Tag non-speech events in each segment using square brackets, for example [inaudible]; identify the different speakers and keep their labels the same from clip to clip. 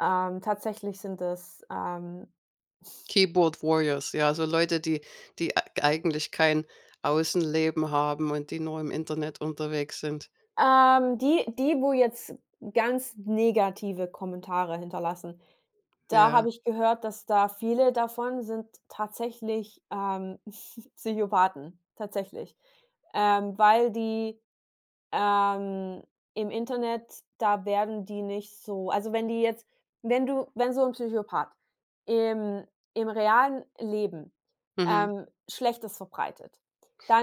Speaker 1: Ähm, tatsächlich sind es, ähm
Speaker 2: Keyboard warriors, ja, so Leute, die die eig eigentlich kein Außenleben haben und die nur im Internet unterwegs sind.
Speaker 1: Ähm, die die, wo jetzt ganz negative Kommentare hinterlassen, da
Speaker 2: Ja.
Speaker 1: habe ich gehört, dass da viele davon sind tatsächlich, ähm, [giggles] Psychopathen, tatsächlich. Ähm, weil die, ähm, im Internet da werden die nicht so also wenn die jetzt wenn du wenn so 'n Psychopath im im realen Leben,
Speaker 2: Mhm.
Speaker 1: ähm, Schlechtes verbreitet,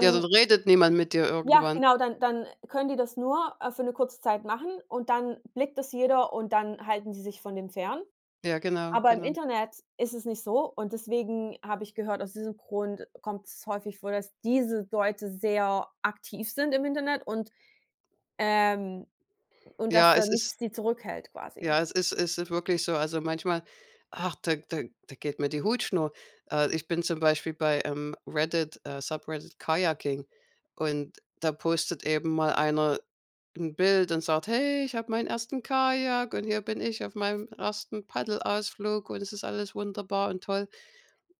Speaker 2: Ja, dann redet niemand mit dir
Speaker 1: Ja,
Speaker 2: irgendwann.
Speaker 1: genau! Dann dann können die das nur, äh, für 'ne kurze Zeit machen und dann blickt das jeder und dann halten die sich von dem fern.
Speaker 2: Ja, genau,
Speaker 1: Aber im
Speaker 2: genau.
Speaker 1: Internet ist es nicht so und deswegen habe ich gehört, aus diesem Grund kommt's häufig vor, dass diese Leute sehr aktiv sind im Internet und, ähm, und dass
Speaker 2: Ja,
Speaker 1: da
Speaker 2: es ist
Speaker 1: nichts die zurückhält quasi.
Speaker 2: Ja, es ist ist wirklich so, also manchmal, ach, da da da geht mir die Hutschnur. Äh, ich bin zum Beispiel bei, ähm, Reddit, äh Subreddit Kajaking und da postet eben mal einer 'n Bild und sagt: „Hey, ich hab meinen ersten Kajak, und hier bin ich auf meinem ersten Paddelausflug und es ist alles wunderbar und toll.”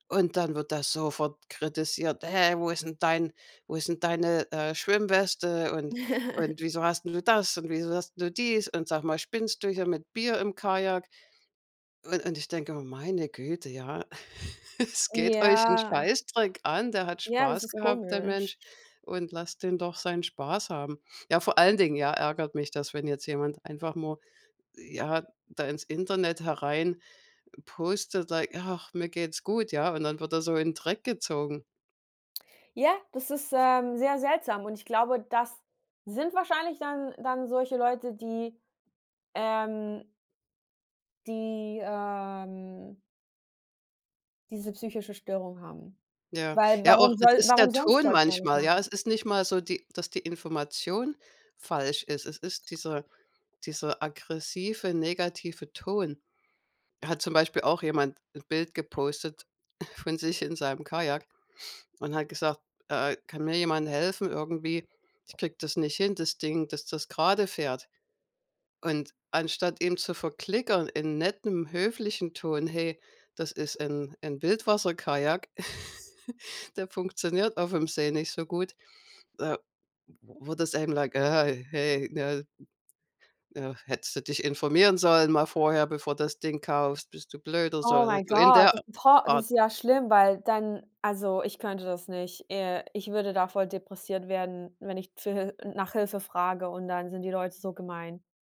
Speaker 2: Und dann wird das sofort kritisiert: „Hä, wo ist 'n dein wo ist deine, äh, Schwimmweste und und wieso
Speaker 1: [laughs]
Speaker 2: hast 'n du das und wieso hast 'n du dies? Und sag mal, spinnst du hier mit Bier im Kajak?” Un und ich denke immer: „Meine Güte, ja. [laughs] Es geht euch 'n
Speaker 1: Ja.
Speaker 2: Scheißdreck an, der hat
Speaker 1: Ja, das
Speaker 2: Spaß
Speaker 1: ist
Speaker 2: gehabt, der
Speaker 1: komisch.
Speaker 2: Mensch. Und lasst den doch seinen Spaß haben.” Ja, vor allen Dingen, ja, ärgert mich das, wenn jetzt jemand einfach mal, ja, da ins Internet herein postet, like: „Ach, mir geht's gut“, ja? Und dann wird er so in Dreck gezogen.
Speaker 1: Ja, das ist, ähm, sehr seltsam und ich glaube, das sind wahrscheinlich dann dann solche Leute, die, ähm die, ähm diese psychische Störung haben.
Speaker 2: Ja,
Speaker 1: Weil
Speaker 2: ja, auch
Speaker 1: warum
Speaker 2: es
Speaker 1: soll
Speaker 2: ist
Speaker 1: warum
Speaker 2: der
Speaker 1: sonst
Speaker 2: Ton
Speaker 1: sollte man das
Speaker 2: manchmal, ja?
Speaker 1: machen?
Speaker 2: Es ist nicht mal so, die dass die Information falsch ist. Es ist dieser dieser aggressive, negative Ton. Er hat zum Beispiel auch jemand 'n Bild gepostet [chuckles] von sich in seinem Kajak und hat gesagt, äh äh: „Kann mir jemand helfen irgendwie? Ich kriege das nicht hin, das Ding, dass das gerade fährt.” Und anstatt ihm zu verklickern in nettem höflichen Ton: „Hey, das ist 'n 'n Wildwasserkajak, [giggles] der funktioniert auf 'm See nicht so gut.” Äh wurde es einem like: „Hey, ne, äh, hättest du dich informieren sollen mal vorher, bevor du das Ding kaufst? Bist du blöd oder so?“
Speaker 1: Oh
Speaker 2: Also,
Speaker 1: my
Speaker 2: in
Speaker 1: god,
Speaker 2: der
Speaker 1: das ist 'n to das
Speaker 2: Art.
Speaker 1: ist ja schlimm, weil dann also, ich könnte das nicht. Äh, ich würde davor depressiv werden, wenn ich zu Hil n nach Hilfe frage und dann sind die Leute so gemein.